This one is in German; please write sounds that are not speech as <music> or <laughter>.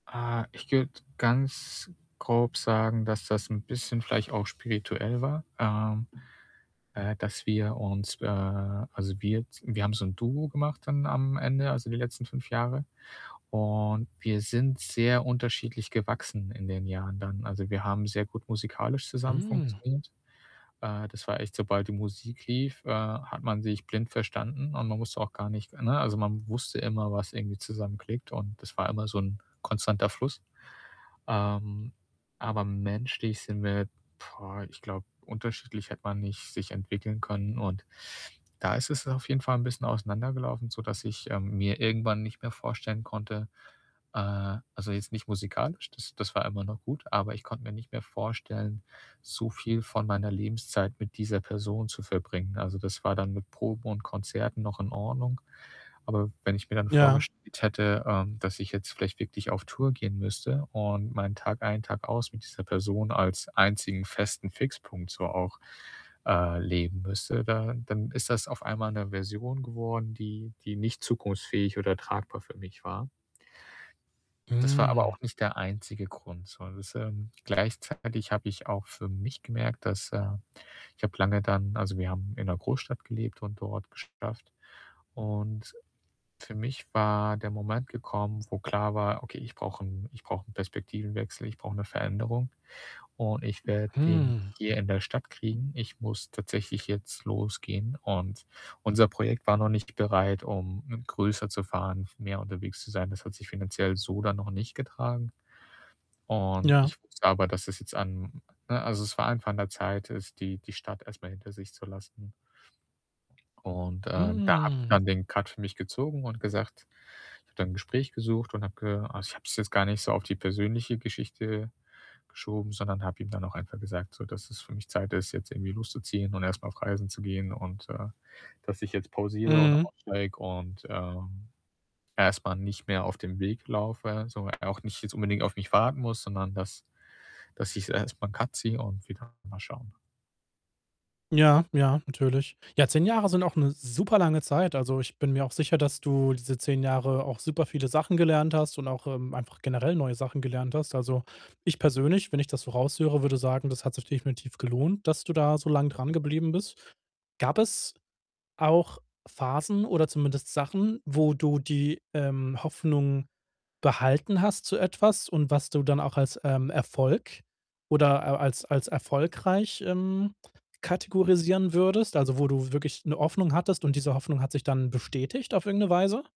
Ah, ich würde ganz grob sagen, dass das 'n bisschen vielleicht auch spirituell war, ähm, äh, dass wir uns, äh also, wir z wir haben so 'n Duo gemacht dann am Ende, also, die letzten 5 Jahre und wir sind sehr unterschiedlich gewachsen in den Jahren dann. Also, wir haben sehr gut musikalisch zusammen Mm. funktioniert. Äh, das war echt, sobald die Musik lief, äh, hat man sich blind verstanden und man musste auch gar nicht, für ne, also, man wusste immer, was irgendwie zusammen klickt und das war immer so 'n konstanter Fluss. Ähm, aber menschlich sind wir boah, ich glaube, unterschiedlich hätte man nicht sich entwickeln können. Und da ist es auf jeden Fall 'n bisschen auseinandergelaufen, sodass ich, ähm, mir irgendwann nicht mehr vorstellen konnte, äh also, jetzt nicht musikalisch, das das war immer noch gut, aber ich konnte mir nicht mehr vorstellen, so viel von meiner Lebenszeit mit dieser Person zu verbringen. Also, das war dann mit Proben und Konzerten noch in Ordnung, aber wenn ich mir dann Ja. vorgestellt hätte, ähm, dass ich jetzt vielleicht wirklich auf Tour gehen müsste und meinen Tag ein, Tag aus mit dieser Person als einzigen festen Fixpunkt so auch, äh, leben müsste, da dann ist das auf einmal 'ne Version geworden, die die nicht zukunftsfähig oder tragbar für mich war. Das war aber Mm. auch nicht der einzige Grund, sondern das, ähm gleichzeitig habe ich auch für mich gemerkt, dass, äh ich habe lange dann also, wir haben in 'ner Großstadt gelebt und dort geschafft. Und für mich war der Moment gekommen, wo klar war: „Okay, ich brauche 'n ich brauche 'n Perspektivenwechsel, ich brauche 'ne Veränderung und ich werde den nicht Mhm. hier in der Stadt kriegen, ich muss tatsächlich jetzt losgehen.“ Und unser Projekt war noch nicht bereit, um, mm, größer zu fahren, f mehr unterwegs zu sein. Das hat sich finanziell so dann noch nicht getragen. Und Ja. ich wusste aber, dass das jetzt an ne, also, es war einfach an der Zeit, es die die Stadt erst mal hinter sich zu lassen. Und, ähm, da habe ich Mm. dann den Cut für mich gezogen und gesagt ich habe dann 'n Gespräch gesucht und habe ge also, ich habe es jetzt gar nicht so auf die persönliche Geschichte geschoben, sondern habe ihm dann auch einfach gesagt, so, dass es für mich Zeit ist, jetzt irgendwie loszuziehen und erst mal auf Reisen zu gehen, und, äh, dass ich jetzt pausiere und Mhm. aussteige und, ähm, erst mal nicht mehr auf dem Weg laufe, so. Er auch nicht jetzt unbedingt auf mich warten muss, sondern dass dass ich äh, erst mal 'n Cut ziehe und <unintelligible> mal schauen. Ja, ja, natürlich. Ja, 10 Jahre sind auch 'ne super lange Zeit. Also, ich bin mir auch sicher, dass du diese 10 Jahre auch super viele Sachen gelernt hast, und auch, ähm, einfach generell neue Sachen gelernt hast. Also, ich persönlich, wenn ich das so raus höre, würde sagen, das hat sich definitiv gelohnt, dass du da so lang dran <unintelligible> geblieben bist. Gab es auch Phasen oder zumindest Sachen, wo du die, ähm, Hoffnung behalten hast zu etwas, und was du dann auch als, ähm, Erfolg oder al als als erfolgreich, ähm, kategorisieren würdest? Also, wo du wirklich 'ne Hoffnung hattest und diese Hoffnung hat sich dann bestätigt auf irgend 'ne Weise?